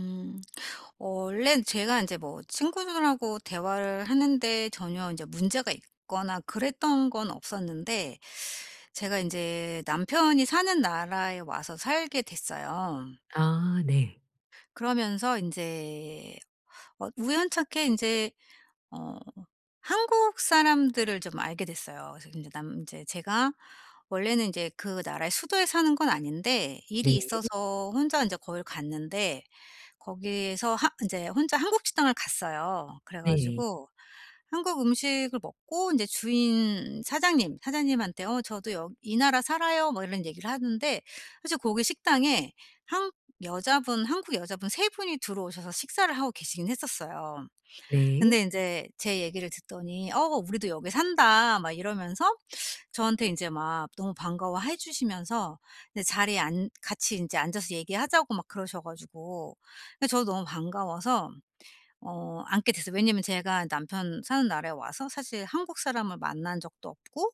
음. 어 원래는 제가 인제 뭐 친구들하고 대화를 하는 데 전혀 인제 문제가 있거나 그랬던 건 없었는데 제가 인제 남편이 사는 나라에 와서 살게 됐어요. 아. 네. 그러면서 인제 어 우연찮게 인제 어 한국 사람들을 좀 알게 됐어요. 그래서 인제 남 인제 제가 원래는 인제 그 나라의 수도에 사는 건 아닌데 네. 일이 있어서 혼자 인제 거길 갔는데 거기에서 하 인제 혼자 한국 식당을 갔어요. 그래 네. 가지고 한국 음식을 먹고 인제 주인 사장님. 사장님한테 어 "저도 여 이 나라 살아요." 뭐 이런 얘기를 하는데 사실 거기 식당에 한 여자분 한국 여자분 3 분이 들어오셔서 식사를 하고 계시긴 했었어요. 근데 네. 인제 제 얘기를 듣더니 "어 우리도 여기 산다." 막 이러면서 저한테 인제 막 너무 반가워해 주시면서 네 자리에 앉 같이 인제 앉아서 얘기하자고 막 그러셔 가지고. 근데 저도 너무 반가워서 어 앉게 됐어요. 왜냐면 제가 남편 사는 나라에 와서 사실 한국 사람을 만난 적도 없고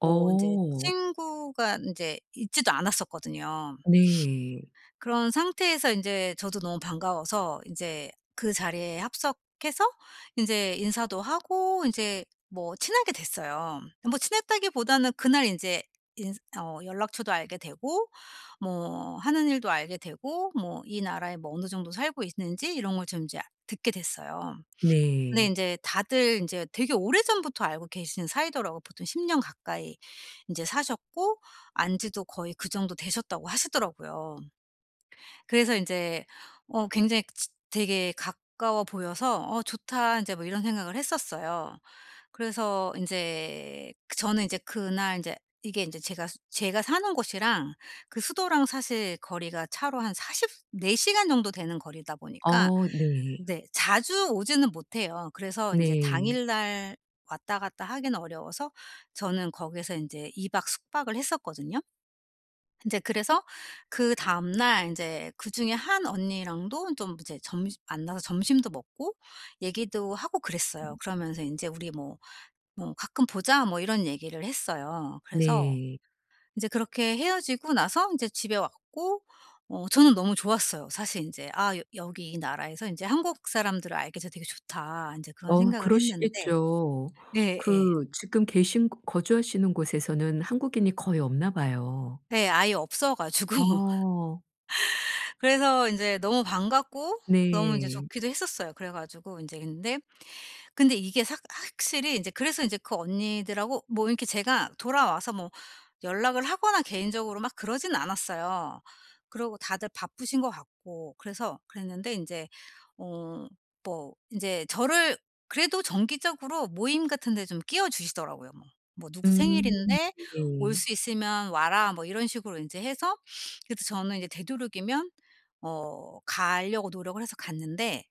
뭐 인제 친구가 인제 있지도 않았었거든요. 네. 그런 상태에서 인제 저도 너무 반가워서 인제 그 자리에 합석해서 인제 인사도 하고 인제 뭐 친하게 됐어요. 뭐 친했다기보다는 그날 인제 인스 어 연락처도 알게 되고 뭐 하는 일도 알게 되고 뭐 이 나라에 뭐 어느 정도 살고 있는지 이런 걸 좀 인제 아 듣게 됐어요. 근데 네. 인제 다들 인제 되게 오래전부터 알고 계신 사이더라고요. 보통 10 년 가까이 인제 사셨고 안 지도 거의 그 정도 되셨다고 하시더라고요. 그래서 인제 어 굉장히 지 되게 가까워 보여서 '어 좋다.' 인제 뭐 이런 생각을 했었어요. 그래서 인제 저는 인제 그날 인제 이게 인제 제가 제가 사는 곳이랑 그 수도랑 사실 거리가 차로 한 40 시 4 시간 정도 되는 거리다 보니까 어 네. 네 자주 오지는 못해요. 그래서 인제 네. 당일날 왔다 갔다 하기는 어려워서 저는 거기에서 인제 2 박 숙박을 했었거든요. 인제 그래서 그 다음날 인제 그중에 한 언니랑도 좀 이제 점시 만나서 점심도 먹고 얘기도 하고 그랬어요. 그러면서 인제 우리 뭐, 뭐 "가끔 보자." 뭐 이런 얘기를 했어요. 그래서 네. 인제 그렇게 헤어지고 나서 인제 집에 왔고 어 저는 너무 좋았어요. 사실 인제 '아 여 여기 이 나라에서 인제 한국 사람들을 알게 돼서 되게 좋다.' 인제 그런 어우 생각을 했는데 그러시겠죠. 예 예. 그 지금 계신 거 거주하시는 곳에서는 한국인이 거의 없나 봐요. 네. 아예 없어 가지고 어. 그래서 인제 너무 반갑고 너무 인제 네. 좋기도 했었어요. 그래 가지고 인제 근데 근데 이게 삭 확실히 인제 그래서 인제 그 언니들하고 뭐 이렇게 제가 돌아와서 뭐 연락을 하거나 개인적으로 막 그러진 않았어요. 그러고 다들 바쁘신 것 같고 그래서 그랬는데 인제 어 뭐 인제 저를 그래도 정기적으로 모임 같은 데 좀 끼워주시더라고요. 뭐 뭐 "누구 음. 생일인데 올 네. 수 있으면 와라." 뭐 이런 식으로 인제 해서 그래도 저는 인제 되도록이면 어 가려고 노력을 해서 갔는데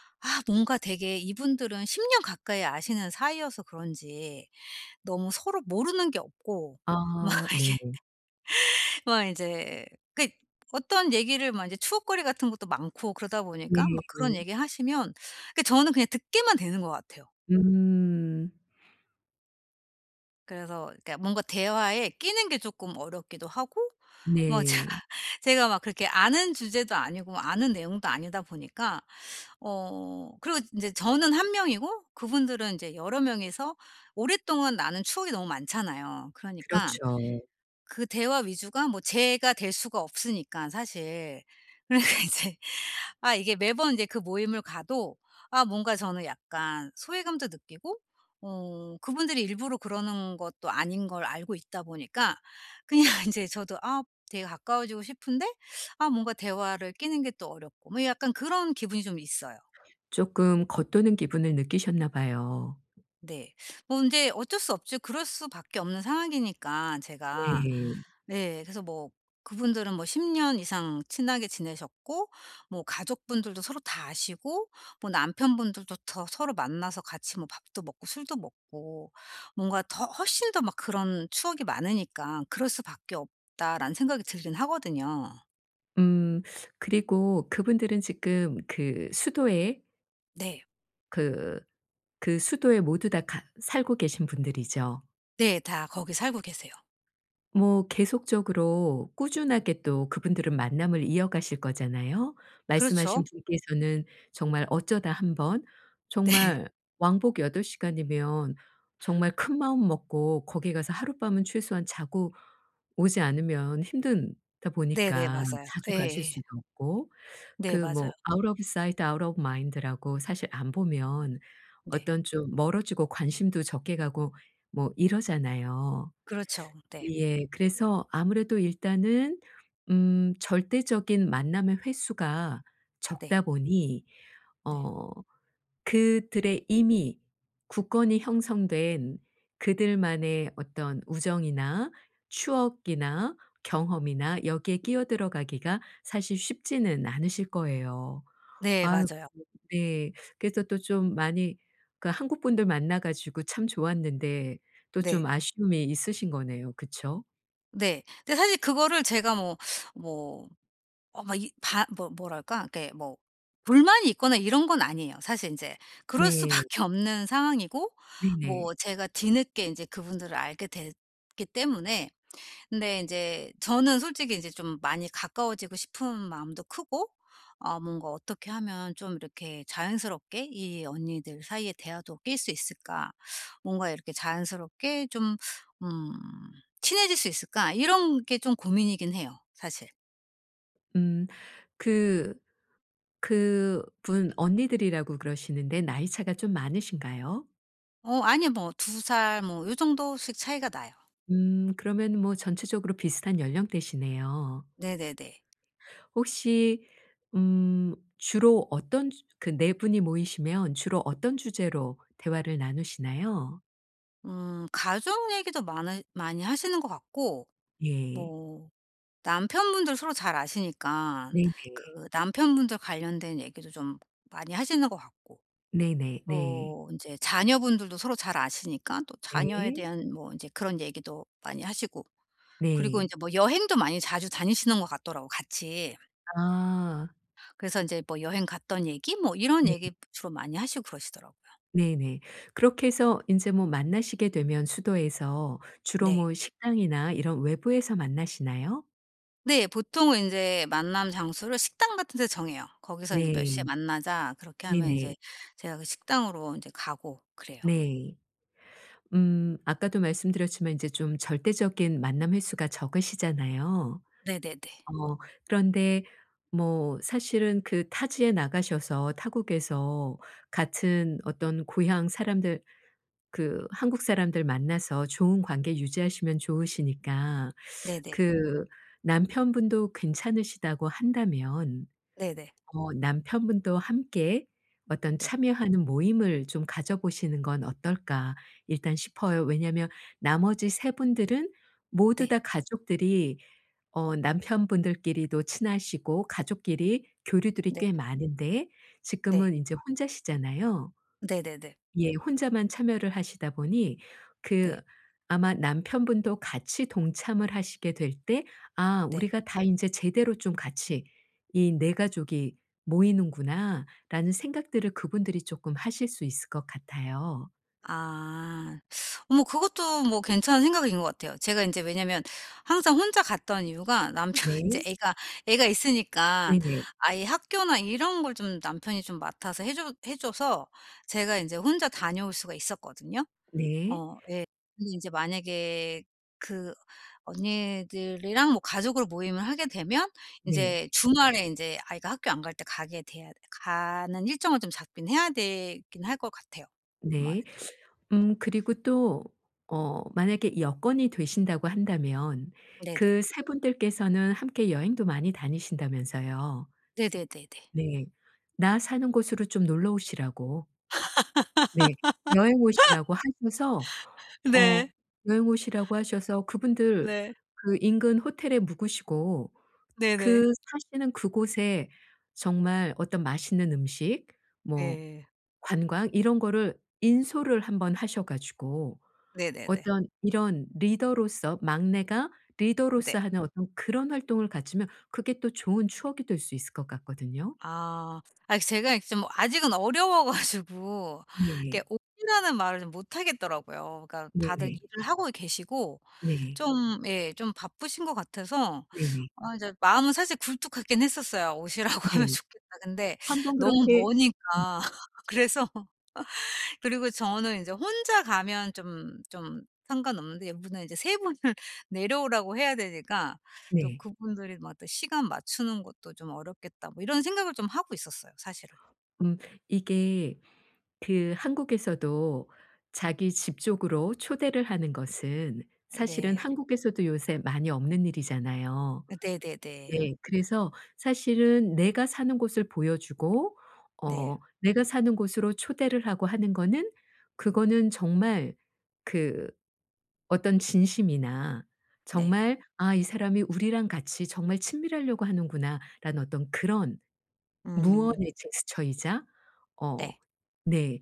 아 뭔가 되게 이분들은 10 년 가까이 아시는 사이여서 그런지 너무 서로 모르는 게 없고 막 아. 이게 네. 막 인제 그 어떤 얘기를 막 이제 추억거리 같은 것도 많고 그러다 네 보니까 막 네. 그런 얘기하시면 그 저는 그냥 듣게만 되는 것 같아요. 음. 그래서 그러니까 뭔가 대화에 끼는 게 쪼끔 어렵기도 하고 뭐 제가 네. 제가 막 그렇게 아는 주제도 아니고 아는 내용도 아니다 보니까. 어 그리고 인제 저는 1 명이고 그분들은 인제 여러 명이서 오랫동안 나눈 추억이 너무 많잖아요. 그러니까 그렇죠. 그 대화 위주가 뭐 제가 될 수가 없으니까 사실. 그러니까 이제 아 이게 매번 이제 그 모임을 가도 아 뭔가 저는 약간 소외감도 느끼고 어 그분들이 일부러 그러는 것도 아닌 걸 알고 있다 보니까 그냥 인제 저도 아 되게 가까워지고 싶은데 아 뭔가 대화를 끼는 게 또 어렵고 뭐 약간 그런 기분이 좀 있어요. 쪼끔 겉도는 기분을 느끼셨나 봐요. 네. 뭐 근데 어쩔 수 없죠. 그럴 수밖에 없는 상황이니까 제가. 네. 네. 그래서 뭐 그분들은 뭐 10 년 이상 친하게 지내셨고 뭐 가족분들도 서로 다 아시고 뭐 남편분들도 더 서로 만나서 같이 뭐 밥도 먹고 술도 먹고 뭔가 더 훨씬 더 막 그런 추억이 많으니까 '그럴 수밖에 없다.'라는 생각이 들긴 하거든요. 음. 그리고 그분들은 지금 그 수도에 네. 그 그 수도에 모두 다 같 살고 계신 분들이죠. 네. 다 거기 살고 계세요. 뭐 계속적으로 꾸준하게 또 그분들은 만남을 이어가실 거잖아요. 말씀하신 그렇죠. 분께서는 정말 어쩌다 1 번 네. 정말 왕복 8 시간이면 정말 큰마음 먹고 거기 가서 하룻밤은 최소한 자고 오지 않으면 힘들다 네네. 보니까 맞아요. 자주 가실 예예. 수도 없고 네. 그 뭐 맞아요. "out of sight, out of mind"라고 사실 안 보면 네. 어떤 좀 멀어지고 관심도 적게 가고 뭐 이러잖아요. 그렇죠. 네. 예. 그래서 아무래도 일단은 음 절대적인 만남의 횟수가 네. 적다 보니 네. 어 그들의 이미 굳건히 형성된 그들만의 어떤 우정이나 추억이나 경험이나 여기에 끼어들어 가기가 사실 쉽지는 않으실 거예요. 네. 아이고 맞아요. 네. 그래서 또 좀 많이 그러니까 한국분들 만나 가지고 참 좋았는데 또 좀 네. 아쉬움이 있으신 거네요. 그쵸? 네. 근데 사실 그거를 제가 뭐 뭐 어 마 이 바 뭐 뭐랄까 이게 뭐 불만이 있거나 이런 건 아니에요. 사실 인제 그럴 네. 수밖에 없는 상황이고 네네. 뭐 제가 뒤늦게 인제 그분들을 알게 됐기 때문에 근데 인제 저는 솔직히 인제 좀 많이 가까워지고 싶은 마음도 크고 아 뭔가 '어떻게 하면 좀 이렇게 자연스럽게 이 언니들 사이의 대화도 낄 수 있을까? 뭔가 이렇게 자연스럽게 좀 음 친해질 수 있을까?' 이런 게 좀 고민이긴 해요. 사실. 음. 그 그 분 언니들이라고 그러시는데 나이 차가 좀 많으신가요? 어 아니요. 뭐 2 살 뭐 요 정도씩 차이가 나요. 음 그러면 뭐 전체적으로 비슷한 연령대시네요. 네네네. 혹시 음 주로 어떤 주 그 4 분이 모이시면 주로 어떤 주제로 대화를 나누시나요? 음 가족 얘기도 많으 많이 하시는 것 같고 예. 뭐 남편분들 서로 잘 아시니깐 네네. 그 남편분들 관련된 얘기도 좀 많이 하시는 것 같고 네네네. 또 인제 자녀분들도 서로 잘 아시니까 또 자녀에 네. 대한 뭐 이제 그런 얘기도 많이 하시고 그리고 네. 인제 뭐 여행도 많이 자주 다니시는 것 같더라고요 같이. 아. 그래서 인제 뭐 여행 갔던 얘기 뭐 이런 네. 얘기 주로 많이 하시고 그러시더라고요. 네네. 그렇게 해서 인제 뭐 만나시게 되면 수도에서 주로 네. 뭐 식당이나 이런 외부에서 만나시나요? 네. 보통은 인제 만남 장소를 식당 같은 데 정해요. "거기서 인제 몇 네. 시에 만나자." 그렇게 하면 네네. 이제 제가 그 식당으로 이제 가고 그래요. 네. 음 아까도 말씀드렸지만 이제 좀 절대적인 만남 횟수가 적으시잖아요. 네네네. 어 그런데 뭐 사실은 그 타지에 나가셔서 타국에서 같은 어떤 고향 사람들 그 한국 사람들 만나서 좋은 관계 유지하시면 좋으시니까 네네. 그 남편분도 괜찮으시다고 한다면 네네. 어 남편분도 함께 어떤 네. 참여하는 모임을 좀 가져보시는 건 어떨까 일단 싶어요. 왜냐하면 나머지 3 분 분들은 모두 네. 다 가족들이 어 남편분들끼리도 친하시고 가족끼리 교류들이 네. 꽤 많은데 네. 지금은 이제 혼자시잖아요. 네네네. 예. 혼자만 참여를 하시다 보니 그 네. 아마 남편분도 같이 동참을 하시게 될 때 '아 네. 우리가 다 인제 제대로 좀 같이 이 4 가족이 모이는구나.'라는 생각들을 그분들이 쪼끔 하실 수 있을 것 같아요. 아 뭐 그것도 뭐 괜찮은 생각인 것 같아요. 제가 인제 왜냐면 항상 혼자 갔던 이유가 남편 인제 네. 애가 애가 있으니까 네네. 아이 학교나 이런 걸 좀 남편이 좀 맡아서 해 줘 해 줘서 제가 인제 혼자 다녀올 수가 있었거든요. 네. 어 예. 근데 인제 만약에 그 언니들이랑 뭐 가족으로 모임을 하게 되면 네. 인제 주말에 인제 아이가 학교 안 갈 때 가게 돼야 가는 일정을 좀 잡긴 해야 되긴 할 것 같아요, 아무래도. 네. 음 그리고 또 어 만약에 여건이 되신다고 한다면 네네. 그 3 분들께서는 함께 여행도 많이 다니신다면서요. 네네네네. 네. 나 사는 곳으로 좀 놀러 오시라고 네. 여행 오시라고 하셔서 네. 어 여행 오시라고 하셔서 그분들 네. 그 인근 호텔에 묵으시고 네네. 그 사시는 그곳에 정말 어떤 맛있는 음식 뭐 예. 관광 이런 거를 인솔를 1 번 하셔 가지고 네네네. 어떤 이런 리더로서 막내가 네. 리더로서 하는 어떤 그런 활동을 가지면 그게 또 좋은 추억이 될 수 있을 것 같거든요. 아. 아 제가 이제 좀 아직은 어려워 가지고 이렇게 네. "오시라."는 말을 좀 못하겠더라고요. 그러니까 다들 네네. 일을 하고 계시고 네. 좀 예 좀 바쁘신 것 같아서 네네. 아 이제 마음은 사실 굴뚝하긴 했었어요. '"오시라."고 하면 네. 좋겠다.' 근데 1 번 너무 그렇게 음. 머니까 그래서 그리고 저는 인제 혼자 가면 좀 좀 상관없는데 이분은 이제 3 분을 내려오라고 해야 되니까 또 네. '그분들이 뭐 또 시간 맞추는 것도 좀 어렵겠다.' 뭐 이런 생각을 좀 하고 있었어요, 사실은. 음 이게 그 한국에서도 자기 집 쪽으로 초대를 하는 것은 사실은 네. 한국에서도 요새 많이 없는 일이잖아요. 네네네. 네. 그래서 사실은 내가 사는 곳을 보여주고 어 네. 내가 사는 곳으로 초대를 하고 하는 거는 그거는 정말 그 어떤 진심이나 네. 정말 '아 이 사람이 우리랑 같이 정말 친밀하려고 하는구나.'라는 어떤 그런 음. 무언의 제스처이자 어 네. 네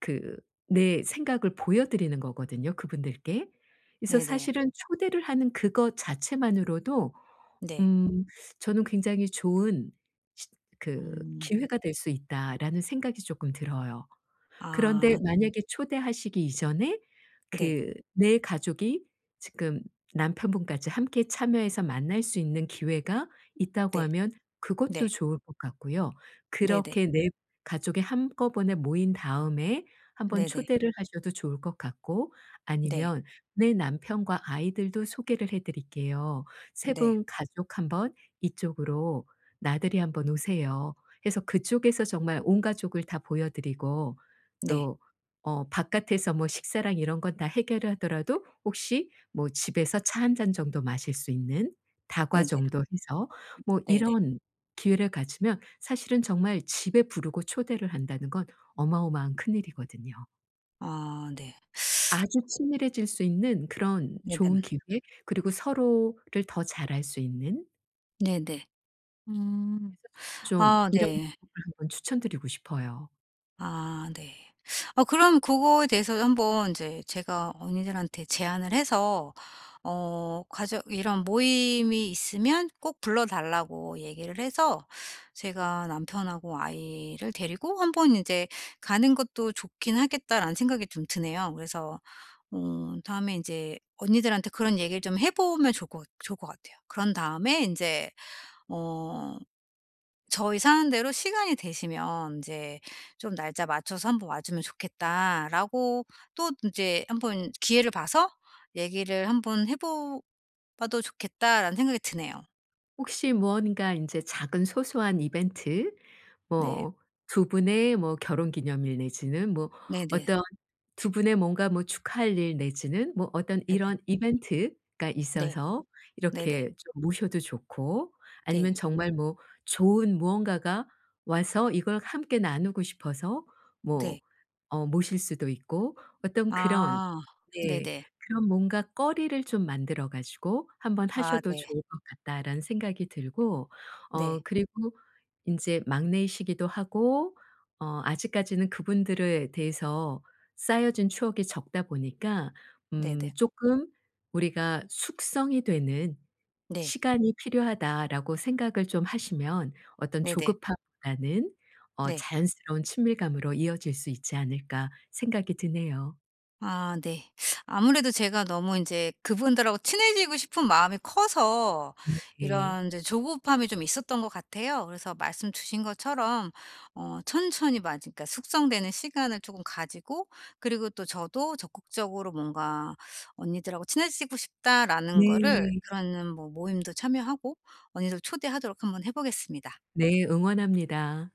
그 내 생각을 보여 드리는 거거든요 그분들께. 그래서 네네. 사실은 초대를 하는 그것 자체만으로도 네. 음 저는 '굉장히 좋은 시 그 음. 기회가 될 수 있다.'라는 생각이 쪼끔 들어요. 그런데 아 네. 만약에 초대하시기 이전에 네. 그 4 가족이 지금 남편분까지 함께 참여해서 만날 수 있는 기회가 있다고 네. 하면 그것도 네. 좋을 것 같고요. 네네. 그렇게 4 가족이 한꺼번에 모인 다음에 1 번 네네. 초대를 하셔도 좋을 것 같고 네. 아니면 "내 남편과 아이들도 소개를 해 드릴게요. 3 네. 분 가족 1 번 이쪽으로 나들이 한 번 오세요." 해서 그쪽에서 정말 온 가족을 다 보여 드리고 네. 또 어 바깥에서 뭐 식사랑 이런 건 다 해결을 하더라도 혹시 뭐 집에서 차 1 잔 정도 마실 수 있는 다과 네네. 정도 해서 뭐 네네. 이런 기회를 가지면 사실은 정말 집에 부르고 초대를 한다는 건 어마어마한 큰일이거든요. 아 네. 아주 친밀해질 수 있는 그런 네네네. 좋은 기회 그리고 서로를 더 잘 알 수 있는 네네. 음. 그래서 저는 좀 아 이런 네. 방법을 한번 추천드리고 싶어요. 아 네. 어 그럼 그거에 대해서 한번 이제 제가 언니들한테 제안을 해서 어 가족 이런 모임이 있으면 꼭 불러 달라고 얘기를 해서 제가 '남편하고 아이를 데리고 1 번 이제 가는 것도 좋긴 하겠다.'라는 생각이 좀 드네요. 그래서 음 다음에 이제 언니들한테 그런 얘기를 좀 해 보면 좋을 것 좋을 것 같아요. 그런 다음에 인제 뭐 "저희 사는 데로 시간이 되시면 인제 좀 날짜 맞춰서 한번 와 주면 좋겠다."라고 또 인제 한번 기회를 봐서 '얘기를 한번 해 보 봐도 좋겠다.'라는 생각이 드네요. 혹시 무언가 인제 작은 소소한 이벤트 네. 뭐 2 분의 뭐 결혼기념일 내지는 뭐 네네. 어떤 2 분의 뭔가 뭐 축하할 일 내지는 뭐 어떤 네네. 이런 이벤트가 네. 있어서 네네. 이렇게 좀 모셔도 좋고 아니면 네. 정말 뭐 좋은 무언가가 와서 이걸 함께 나누고 싶어서 뭐 네. 어 모실 수도 있고 어떤 그런 아 네네. 네. 그런 뭔가 거리를 좀 만들어 가지고 한번 아 하셔도 네. 좋을 것 같다라는 생각이 들고 어 네. 그리고 이제 막내이시기도 하고 어 아직까지는 그분들에 대해서 쌓여진 추억이 적다 보니까 음 네네. 쪼끔 '우리가 숙성이 되는 네. 시간이 필요하다.'라고 생각을 좀 하시면 어떤 네네. 조급함보다는 어 네. 자연스러운 친밀감으로 이어질 수 있지 않을까 생각이 드네요. 아 네. 아무래도 제가 너무 이제 그분들하고 친해지고 싶은 마음이 커서 네. 이런 이제 조급함이 좀 있었던 것 같아요. 그래서 말씀 주신 것처럼 어 천천히 마지 그러니까 숙성되는 시간을 쪼금 가지고 그리고 또 저도 적극적으로 뭔가 "언니들하고 친해지고 싶다."라는 거를 네. 그런 뭐 모임도 참여하고 언니들 초대하도록 한번 해 보겠습니다. 네. 응원합니다.